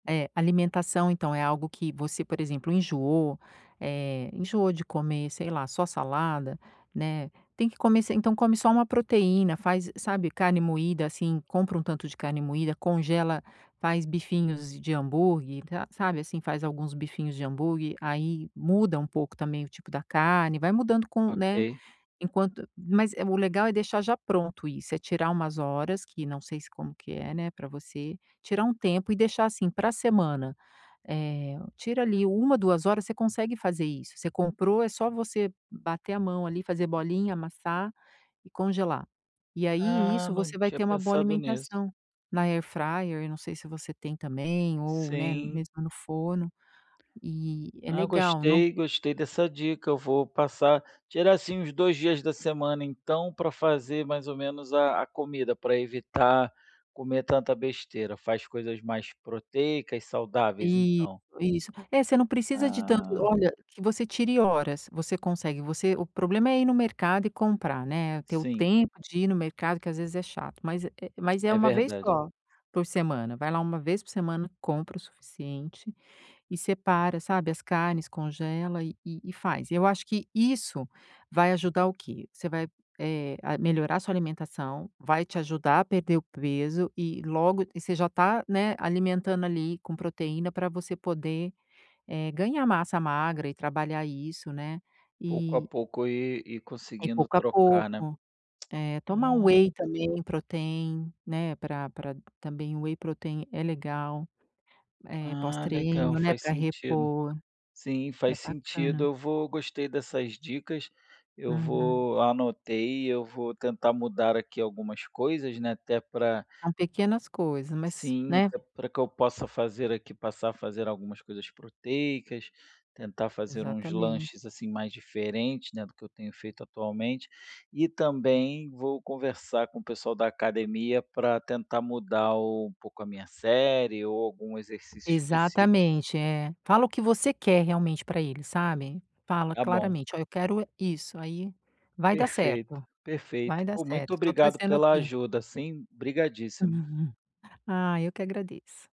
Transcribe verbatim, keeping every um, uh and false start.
É, alimentação então, é algo que você por exemplo enjoou, eh, enjoou de comer, sei lá, só salada, né, tem que comer se então come só uma proteína, faz, sabe, carne moída, assim, compra um tanto de carne moída, congela, faz bifinhos de hambúrguer ta sabe, assim, faz alguns bifinhos de hambúrguer aí muda um pouco também o tipo da carne, vai mudando com né, Ok. enquanto mas o legal é deixar já pronto isso, é tirar umas horas que não sei se como que é, né, para você tirar um tempo e deixar, assim, para semana, eh, tira ali uma, duas horas você consegue fazer isso. Você comprou é só você bater a mão ali fazer bolinha, amassar e congelar. E aí, Ah, isso não você vai tinha ter uma boa pensado nisso. alimentação na air fryer, eu não sei se você tem também ou, né, Sim. mesmo no forno e é Ah, legal, não gostei, gostei dessa dica. Eu vou passar tirar assim uns dois dias da semana, então, para fazer mais ou menos a a comida, para evitar comer tanta besteira. Faz coisas mais proteicas, saudáveis, Isso, então. isso, é você não precisa de tanto Ah. olha que você tire horas, você consegue você o problema é ir no mercado e comprar, né, ter o Sim. tempo de ir no mercado, que às vezes é chato, mas é mas é É uma vez verdade. só por semana, vai lá uma vez por semana, compra o suficiente e separa, sabe, as carnes, congela e e faz. E eu acho que isso vai ajudar o quê? Você vai, eh, a melhorar sua alimentação, vai te ajudar a perder o peso e logo e você já tá, né, alimentando ali com proteína para você poder, eh, ganhar massa magra e trabalhar isso, né, Pouco a e pouco e e E conseguindo pouco a trocar, pouco, né. eh, tomar um Ah. whey também protein, né, pra pra também o whey protein é legal, eh, pós Ah, legal, treino, né, faz para sentido. repor Sim, é faz sentido. bacana. Eu vou gostei dessas dicas, eu Uhum. vou anotei, eu vou tentar mudar aqui algumas coisas, né, até para São pequenas coisas mas Sim, né. até para que eu possa fazer aqui, passar a fazer algumas coisas proteicas, tentar fazer uns Exatamente. lanches assim mais diferentes, né, do que eu tenho feito atualmente. E também vou conversar com o pessoal da academia para tentar mudar um pouco a minha série ou algum exercício específico. Exatamente, é, fala o que você quer realmente para ele sabe, fala Está bom. claramente: "Olha, eu quero isso", aí, vai dar Perfeito, certo, perfeito. vai dar Pô, muito certo estou obrigado torcendo pela aqui. ajuda sim obrigadíssimo. Ai eu que agradeço.